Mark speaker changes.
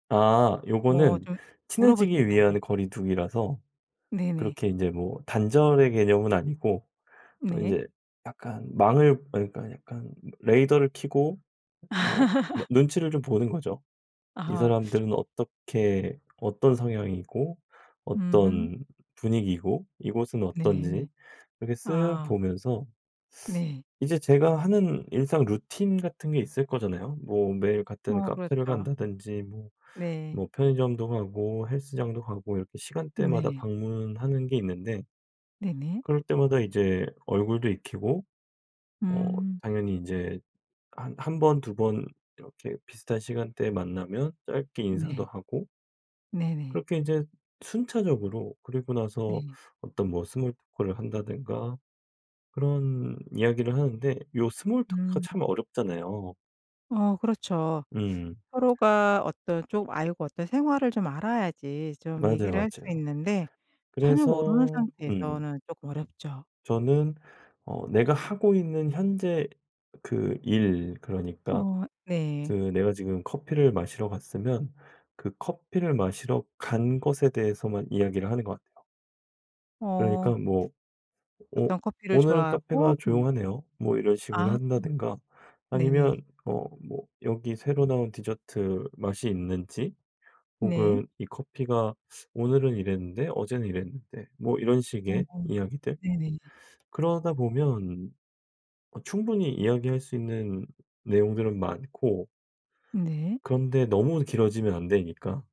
Speaker 1: 아
Speaker 2: 뭐
Speaker 1: 요거는
Speaker 2: 좀 물어볼 수
Speaker 1: 친해지기
Speaker 2: 있잖아요.
Speaker 1: 위한 거리 두기라서
Speaker 2: 네네.
Speaker 1: 그렇게 인제 뭐 단절의 개념은 아니고 어
Speaker 2: 네.
Speaker 1: 인제 약간 망을 어 그니까 약간 레이더를 켜고 어 막 눈치를 좀 보는 거죠. 이
Speaker 2: 아하.
Speaker 1: 사람들은 어떻게 어떤 성향이고
Speaker 2: 음흠.
Speaker 1: 어떤 분위기고 이곳은
Speaker 2: 네.
Speaker 1: 어떤지 이렇게 쓱
Speaker 2: 아.
Speaker 1: 보면서
Speaker 2: 네.
Speaker 1: 이제 제가 하는 일상 루틴 같은 게 있을 거잖아요. 뭐 매일 같은
Speaker 2: 어
Speaker 1: 카페를
Speaker 2: 그렇죠.
Speaker 1: 간다든지 뭐
Speaker 2: 네.
Speaker 1: 뭐 편의점도 가고 헬스장도 가고 이렇게 시간대마다
Speaker 2: 네.
Speaker 1: 방문하는 게 있는데
Speaker 2: 네네.
Speaker 1: 그럴 때마다 이제 얼굴도 익히고 어
Speaker 2: 음.
Speaker 1: 당연히 인제 한 한 번, 2 번 이렇게 비슷한 시간대에 만나면 짧게 인사도
Speaker 2: 네.
Speaker 1: 하고
Speaker 2: 네네.
Speaker 1: 그렇게 인제 순차적으로 그리고 나서
Speaker 2: 네.
Speaker 1: 어떤 뭐 스몰 토크를 한다든가 그런 이야기를 하는데 요 스몰 토크가
Speaker 2: 음.
Speaker 1: 참 어렵잖아요.
Speaker 2: 어 그렇죠.
Speaker 1: 음.
Speaker 2: 서로가 어떤 좀 알고 어떤 생활을 좀 알아야지 좀
Speaker 1: 맞아요,
Speaker 2: 얘기를 할 수
Speaker 1: 맞아요.
Speaker 2: 있는데 전혀 모르는
Speaker 1: 그래서 음.
Speaker 2: 상태에서는 쪼끔 어렵죠.
Speaker 1: 저는 어 내가 하고 있는 현재 그 일 그러니까
Speaker 2: 어
Speaker 1: 그
Speaker 2: 네.
Speaker 1: 내가 지금 커피를 마시러 갔으면 그 커피를 마시러 간 것에 대해서만 이야기를 하는 것 같아요. 그러니까
Speaker 2: 어.
Speaker 1: 뭐 "오
Speaker 2: 어떤 커피를
Speaker 1: 오늘은
Speaker 2: 좋아하고
Speaker 1: 카페가
Speaker 2: 뭐
Speaker 1: 조용하네요." 뭐 이런 식으로
Speaker 2: 아.
Speaker 1: 한다든가
Speaker 2: 네네.
Speaker 1: 아니면 어 뭐 여기 새로 나온 디저트 맛이 있는지,
Speaker 2: 네.
Speaker 1: 혹은 "이 커피가 오늘은 이랬는데 어제는 이랬는데." 뭐 이런
Speaker 2: 어
Speaker 1: 식의 이야기들
Speaker 2: 네네.
Speaker 1: 그러다 보면 어 충분히 이야기할 수 있는 내용들은 많고
Speaker 2: 네.
Speaker 1: 그런데 너무 길어지면 안 되니까.